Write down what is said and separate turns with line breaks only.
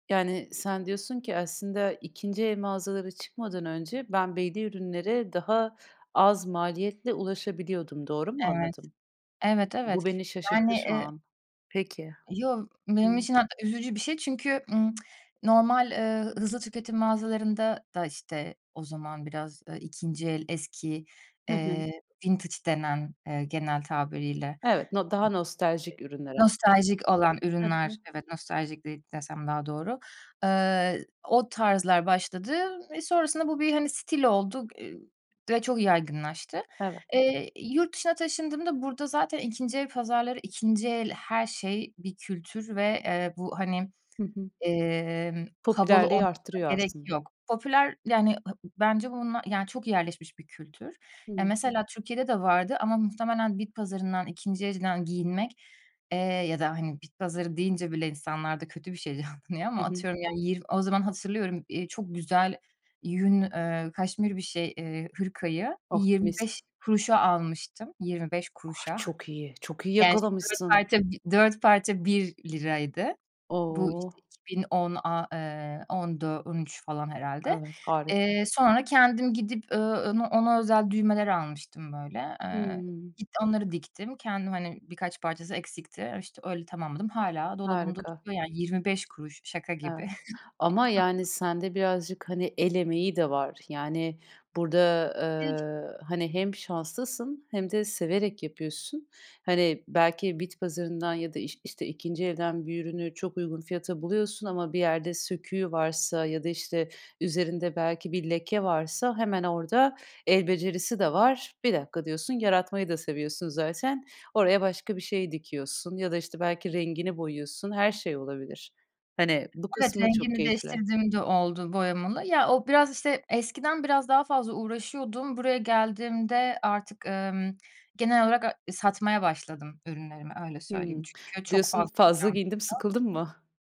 Yani sen diyorsun ki, aslında 2'nci el mağazalara çıkmadan önce ben belli ürünlere daha az maliyetle ulaşabiliyordum. Doğru mu
Evet.
anladım?
Evet, evet.
Bu beni
Yani,
şaşırttı şu
eee
an. Peki,
Yoo, benim
hımm.
için artık üzücü bir şey. Çünkü, ımm, normal, eee, hızlı tüketim mağazalarında da, işte, o zaman biraz, eee, 2'nci el, eski,
Hı hı.
eee, vintage denen, eee, genel tabiriyle.
Evet, no daha nostaljik ürünler aslında.
Nostaljik olan
Hı
ürünler,
hı.
evet, nostaljik de desem daha doğru. Eee, o tarzlar başladı ve sonrasında bu bir, hani, stil oldu, eee, ve çok yaygınlaştı.
Evet.
Eee, yurt dışına taşındığımda burada zaten 2'nci el pazarları, 2'nci el her şey bir kültür ve, eee, bu, hani,
Hı hı.
emm, havalı
Popülerliği
olmasına
arttırıyor
gerek
aslında.
yok. Popüler, yani, ha bence bununla, yani, çok yerleşmiş bir kültür. Ya,
Hımm.
mesela Türkiye'de de vardı ama muhtemelen bit pazarından, 2'nci elden giyinmek, eee, ya da, hani, bit pazarı deyince bile insanlarda kötü bir şey canlanıyor ama
Hı hı.
atıyorum, yani, yir o zaman hatırlıyorum, eee, çok güzel yün, eee, kaşmir bir, şey, eee, hırkayı
Oh,
yirmi beş
mis.
kuruşa almıştım, yirmi beş
Ah!
kuruşa.
Çok iyi. Çok iyi
Gerçi, dört
yakalamışsın.
parça dört parça ₺1. Bu, işte,
O!
iki bin on aaa, eee, ondu, on üç falan herhâlde.
Evet, harika.
Eee, sonra kendim gidip, ııı, ona ona özel düğmeler almıştım, böyle. Eee,
Hımm.
git onları diktim. Kendim, hani, birkaç parçası eksikti. İşte, öyle tamamladım. Hâlâ dolabımda
Harika.
duruyor, yani. ₺0,25. Şaka gibi.
Evet ama, yani, sen de birazcık, hani, el emeği de var. Yani, burada,
[unintelligible]
eee, hani, hem şanslısın hem de severek yapıyorsun. Hani, belki bit pazarından ya da iş işte, 2'nci elden bir ürünü çok uygun fiyata buluyorsun ama bir yerde söküğü varsa ya da, işte, üzerinde belki bir leke varsa hemen orada el becerisi de var. Bir dakika diyorsun, yaratmayı da seviyorsun zaten, oraya başka bir şey dikiyorsun ya da, işte, belki rengini boyuyorsun. Her şey olabilir. Hani, bu
Evet,
kısmı çok
rengini
keyifli.
değiştirdiğim de oldu boyamalı. Ya, o biraz, işte, eskiden biraz daha fazla uğraşıyordum. Buraya geldiğimde artık, emm, genel olarak a satmaya başladım ürünlerimi. Öyle söyleyeyim.
Hımm,
Çünkü çok
diyorsun
fazla
fazla
eşyam
giyindim,
oldu.
sıkıldım mı?